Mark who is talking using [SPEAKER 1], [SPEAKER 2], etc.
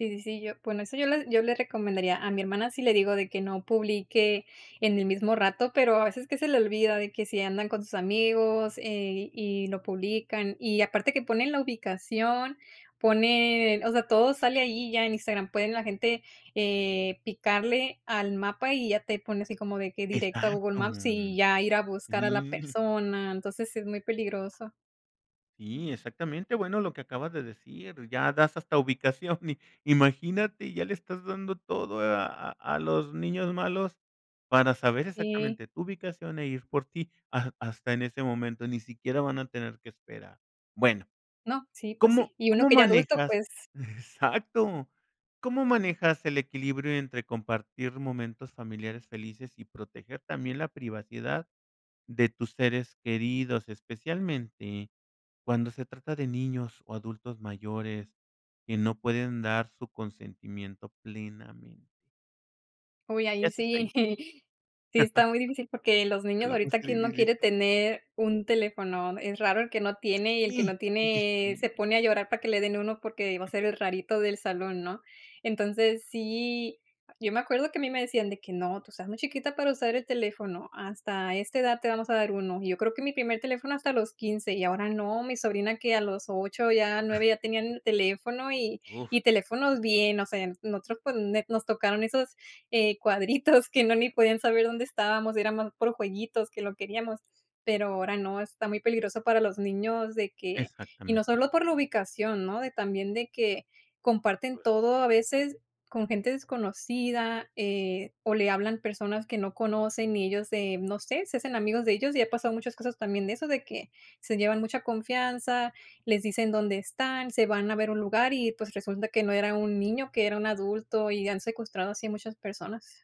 [SPEAKER 1] Sí sí sí yo bueno, eso yo le yo le recomendaría, a mi hermana sí le digo de que no publique en el mismo rato, pero a veces que se le olvida de que si andan con sus amigos, eh, y lo publican, y aparte que ponen la ubicación ponen o sea, todo sale ahí ya en Instagram, pueden la gente, eh, picarle al mapa, y ya te pone así como de que directo a Google
[SPEAKER 2] Exacto.
[SPEAKER 1] Maps, y ya ir a buscar a la
[SPEAKER 2] Sí.
[SPEAKER 1] persona. Entonces sí es muy peligroso.
[SPEAKER 2] Sí, exactamente. Bueno, lo que acabas de decir, ya das hasta ubicación y imagínate, ya le estás dando todo a a a los niños malos para saber
[SPEAKER 1] Sí.
[SPEAKER 2] exactamente tu ubicación e ir por ti ha hasta en ese momento, ni siquiera van a tener que esperar. Bueno,
[SPEAKER 1] No, sí, pues,
[SPEAKER 2] ¿cómo
[SPEAKER 1] sí. Y uno
[SPEAKER 2] cómo
[SPEAKER 1] que ya adulto,
[SPEAKER 2] manejas?
[SPEAKER 1] pues.
[SPEAKER 2] Exacto. ¿Cómo manejas el equilibrio entre compartir momentos familiares felices y proteger también la privacidad de tus seres queridos, especialmente cuando se trata de niños o adultos mayores que no pueden dar su consentimiento plenamente?
[SPEAKER 1] Uy,
[SPEAKER 2] ¿Qué
[SPEAKER 1] ahí
[SPEAKER 2] haces
[SPEAKER 1] sí.
[SPEAKER 2] ahí?
[SPEAKER 1] Sí está muy difícil porque los
[SPEAKER 2] Te
[SPEAKER 1] niños,
[SPEAKER 2] la puse
[SPEAKER 1] ahorita, ¿quién no
[SPEAKER 2] difícil.
[SPEAKER 1] quiere tener un teléfono? Es raro el que no tiene, y el que
[SPEAKER 2] Sí,
[SPEAKER 1] no
[SPEAKER 2] oye
[SPEAKER 1] tiene
[SPEAKER 2] sí.
[SPEAKER 1] se pone a llorar para que le den uno porque va a ser el rarito del salón, ¿no? Entonces, sí, yo me acuerdo que a mí me decían de que: "No, tú estás muy chiquita para usar el teléfono, hasta esta edad te vamos a dar uno", y yo creo que mi primer teléfono hasta los 15, y ahora no. Mi sobrina que a los 8, ya 9, ya tenían teléfono y y
[SPEAKER 2] Uf.
[SPEAKER 1] teléfonos bien, o sea, nosotros, pues, nos tocaron esos, eh, cuadritos que no ni podían saber dónde estábamos, era más por jueguitos que lo queríamos, pero ahora no, está muy peligroso para los niños de que y no
[SPEAKER 2] Exactamente.
[SPEAKER 1] solo por la ubicación, ¿no? De también, de que comparten
[SPEAKER 2] Pues
[SPEAKER 1] todo a veces con gente desconocida, eh, o, le hablan personas que no conocen y ellos, eh, no sé, se hacen amigos de ellos, y ha pasado muchas cosas también de eso. De que se llevan mucha confianza, les dicen dónde están, se van a ver un lugar y, pues, resulta que no era un niño, que era un adulto, y han secuestrado así a muchas personas.